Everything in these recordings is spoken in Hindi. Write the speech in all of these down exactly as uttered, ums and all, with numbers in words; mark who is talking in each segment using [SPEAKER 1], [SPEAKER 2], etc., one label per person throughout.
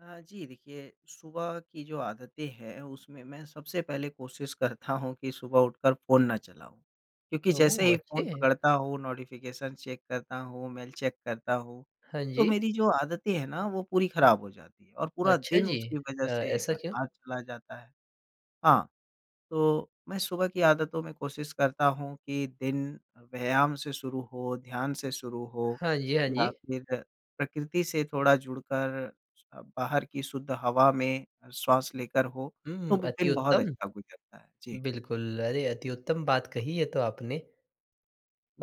[SPEAKER 1] हाँ, जी देखिए, सुबह की जो आदतें हैं उसमें मैं सबसे पहले कोशिश करता हूँ कि सुबह उठकर फ़ोन ना चलाऊँ क्योंकि जैसे
[SPEAKER 2] ओह!
[SPEAKER 1] ही
[SPEAKER 2] अच्छे
[SPEAKER 1] फ़ोन
[SPEAKER 2] है।
[SPEAKER 1] पकड़ता हूँ नोटिफ़िकेशन चेक करता हूँ, मेल चेक करता हूँ,
[SPEAKER 2] हाँ
[SPEAKER 1] तो
[SPEAKER 2] जी।
[SPEAKER 1] मेरी जो आदतें हैं ना वो पूरी ख़राब हो जाती है और पूरा
[SPEAKER 2] अच्छा
[SPEAKER 1] दिन
[SPEAKER 2] जी,
[SPEAKER 1] उसकी वज़ह
[SPEAKER 2] अ,
[SPEAKER 1] से
[SPEAKER 2] ऐसा क्यों?
[SPEAKER 1] बर्बाद चला जाता है। हाँ, तो मैं सुबह की आदतों में कोशिश करता हूँ कि दिन व्यायाम से शुरू हो, ध्यान से शुरू हो
[SPEAKER 2] हाँ जी, हाँ
[SPEAKER 1] या
[SPEAKER 2] जी।
[SPEAKER 1] फिर प्रकृति से थोड़ा जुड़कर, स बाहर की शुद्ध हवा में श्वास लेकर हो,
[SPEAKER 2] हुँ,
[SPEAKER 1] तो
[SPEAKER 2] हुँ, अति
[SPEAKER 1] दिन बहुत
[SPEAKER 2] उत्तम।
[SPEAKER 1] अच्छा गुजरता है। जी।
[SPEAKER 2] बिल्कुल, अरे, अति उत्तम बात कही ये तो आपने।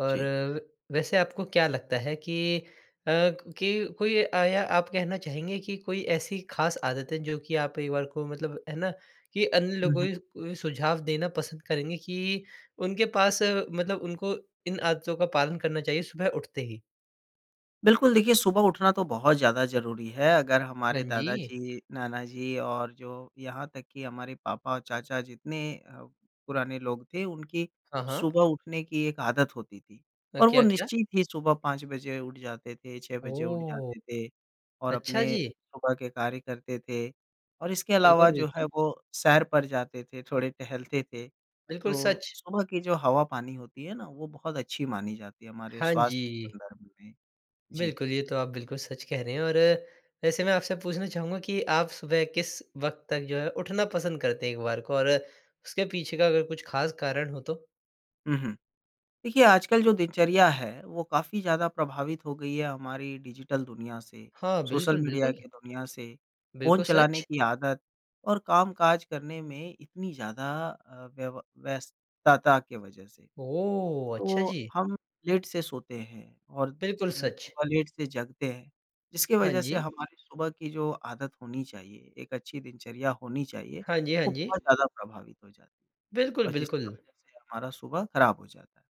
[SPEAKER 2] और व वैसे आपको क्या लगता है कि अ, कि कोई आया आप कहना चाहेंगे कि कोई ऐसी ख़ास आदत है, जो कि आप परिवार को मतलब है ना कि अन्य
[SPEAKER 1] हुँ, हुँ।
[SPEAKER 2] लोगों उ सुझाव देना पसंद करेंगे कि उनके पास मतलब उनको इन आदतों का पालन करना चाहिए, सुबह उठते ही?
[SPEAKER 1] बिल्कुल, देखिए सुबह उठना तो बहुत ज़्यादा ज़रूरी है। अगर
[SPEAKER 2] हाँ
[SPEAKER 1] हमारे दादा
[SPEAKER 2] जी।
[SPEAKER 1] जी, नाना जी और जो यहाँ तक कि हमारे पापा और चाचा जितने अ, पुराने लोग थे, उनकी
[SPEAKER 2] हाँ, हाँ।
[SPEAKER 1] सुबह उठने की एक आदत होती थी
[SPEAKER 2] अ,
[SPEAKER 1] और वो
[SPEAKER 2] क्या-क्या?
[SPEAKER 1] निश्चित ही सुबह पाँच बजे उठ जाते थे, छह बजे उठ
[SPEAKER 2] ओह!
[SPEAKER 1] जाते थे और
[SPEAKER 2] अच्छा
[SPEAKER 1] अपने
[SPEAKER 2] जी
[SPEAKER 1] सुबह के कार्य करते थे और इसके
[SPEAKER 2] बिल्कुल,
[SPEAKER 1] अलावा जो है,
[SPEAKER 2] बिल्कुल।
[SPEAKER 1] वो सैर पर जाते थे, थोड़े टहलते थे।
[SPEAKER 2] बिल्कुल
[SPEAKER 1] तो,
[SPEAKER 2] सच।
[SPEAKER 1] सुबह की जो हवा-पानी होती है ना, वो बहुत अच्छी मानी जाती है हमारे
[SPEAKER 2] हाँ
[SPEAKER 1] स्वास्थ्य
[SPEAKER 2] जी।
[SPEAKER 1] संदर्भ में। जी।
[SPEAKER 2] बिल्कुल, ये तो आप बिल्कुल सच कह रहे हैं। और वैसे मैं आपसे पूछना चाहूँगा कि आप सुबह किस वक़्त तक जो है, उठना पसंद करते हैं एक बार को और उसके पीछे का अगर कुछ ख़ास कारण हो तो?
[SPEAKER 1] हुँ, हुँ। देखिए आजकल जो दिनचर्या है, वो काफ़ी ज़्यादा प्रभावित हो गई है हमारी डिजिटल दुनिया से,
[SPEAKER 2] हाँ,
[SPEAKER 1] सोशल
[SPEAKER 2] बिल्कुल,
[SPEAKER 1] मीडिया
[SPEAKER 2] बिल्कुल।
[SPEAKER 1] की दुनिया से। फ़ोन
[SPEAKER 2] बिल्कुल
[SPEAKER 1] चलाने
[SPEAKER 2] सच।
[SPEAKER 1] की आदत और काम-काज करने में इतनी ज़्यादा अ, व्यव व्यस्तता की वजह से।
[SPEAKER 2] ओह! अच्छा
[SPEAKER 1] तो
[SPEAKER 2] जी।
[SPEAKER 1] हम लेट से सोते हैं और अ,
[SPEAKER 2] बिल्कुल सच।
[SPEAKER 1] सुबह लेट से जगते हैं। जिसकी
[SPEAKER 2] हाँ
[SPEAKER 1] वजह से
[SPEAKER 2] जी।
[SPEAKER 1] हमारी सुबह की जो आदत होनी चाहिए, एक अच्छी दिनचर्या होनी चाहिए,
[SPEAKER 2] हाँ जी, हाँ
[SPEAKER 1] वो
[SPEAKER 2] जी।
[SPEAKER 1] बहुत ज़्यादा प्रभावित हो जाती है
[SPEAKER 2] बिल्कुल,
[SPEAKER 1] और जिसकी
[SPEAKER 2] बिल्कुल।
[SPEAKER 1] वज़ह से हमारा सुबह ख़राब हो जाता है।